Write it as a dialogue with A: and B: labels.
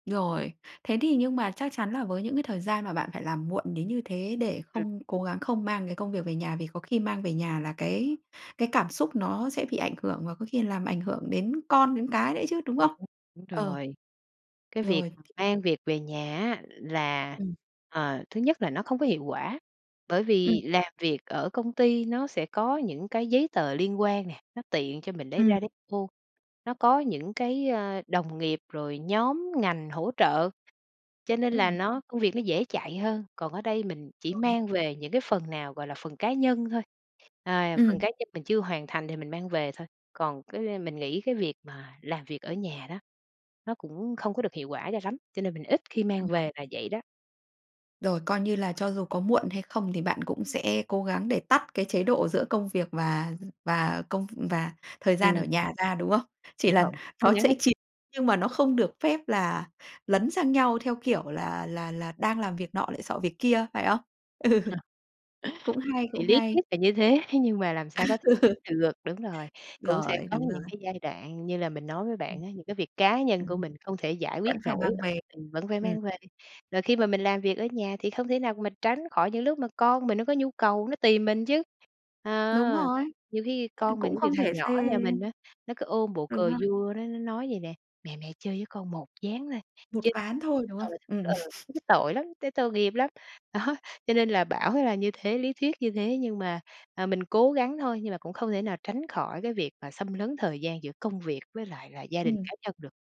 A: Rồi. Thế thì nhưng mà chắc chắn là với những cái thời gian mà bạn phải làm muộn đến như thế để
B: Ừm.
A: không cố gắng không mang cái công việc về nhà vì có khi mang về nhà là cái cái cảm xúc nó sẽ bị ảnh hưởng và có khi làm ảnh hưởng đến con, đến cái nữa chứ, đúng không?
B: [unintelligible] Đúng
A: Ờ.
B: rồi, cái việc
A: Rồi.
B: mà mang việc về nhà á là,
A: Ừm.
B: ờ, thứ nhất là nó không có hiệu quả, bởi
A: Ừm.
B: vì làm việc ở công ty nó sẽ có những cái giấy tờ liên quan nè, nó tiện cho mình lấy
A: Ừm.
B: ra lấy vô, nó có những cái, ơ, đồng nghiệp rồi nhóm ngành hỗ trợ, cho nên là
A: Ừm.
B: nó công việc nó dễ chạy hơn. Còn ở đây mình chỉ
A: Rồi.
B: mang về những cái phần nào, gọi là, phần cá nhân thôi, à, phần
A: Ừm.
B: cá nhân mình chưa hoàn thành thì mình mang về thôi. Còn cái mình nghĩ cái việc mà làm việc ở nhà đó, nó cũng không có được hiệu quả cho lắm, cho nên mình ít khi mang
A: Đúng rồi.
B: về là vậy đó.
A: Rồi, coi như là cho dù có muộn hay không thì bạn cũng sẽ cố gắng để tắt cái chế độ giữa công việc và và công v và thời gian ở
B: Ừm.
A: nhà ra, đúng không? Chỉ
B: Đúng
A: là
B: rồi, cố
A: nó
B: gắng
A: sẽ
B: hết
A: chìm nhưng mà nó không được phép là lấn sang nhau theo, kiểu, là là là đang làm việc nọ lại xọ việc kia, phải không? Ừ. Cũng hay,
B: Thì
A: cũng
B: lý
A: hay.
B: thuyết là như thế nhưng mà làm sao có thể được. Đúng rồi, cũng sẽ
A: Rồi,
B: có
A: đúng rồi.
B: những cái giai đoạn như là mình nói với
A: Ừm.
B: bạn á, những cái việc cá nhân
A: Ừm
B: của
A: hứm.
B: mình không thể giải quyết
A: Vẫn phải
B: nổi
A: mang
B: ở
A: về.
B: mình vẫn phải
A: Ừm.
B: mang về. Rồi khi mà mình làm việc ở nhà thì không thể nào mà tránh khỏi những lúc mà con mình nó có nhu cầu, nó tìm mình chứ!
A: Đúng
B: À,
A: rồi,
B: nhiều khi
A: c
B: con mình
A: cũng
B: ví dụ
A: không thể
B: thằng nhỏ ở
A: xê
B: nhà mình á, nó cứ ôm bộ
A: Đúng
B: cờ
A: rồi.
B: vua, nó nó nói vậy nè: "Mẹ, mẹ chơi với con 1 ván thôi!
A: Một
B: Chơi"
A: ván thôi, đúng
B: Ờ,
A: không? Ừm.
B: ờ, thấy tội lắm, thấy tội nghiệp lắm. Đó, cho nên là bảo là như thế, lý thuyết như thế nhưng mà à, mình cố gắng thôi nhưng mà cũng không thể nào tránh khỏi cái việc mà xâm lấn thời gian giữa công việc với lại là gia đình
A: Ừm.
B: cá nhân được.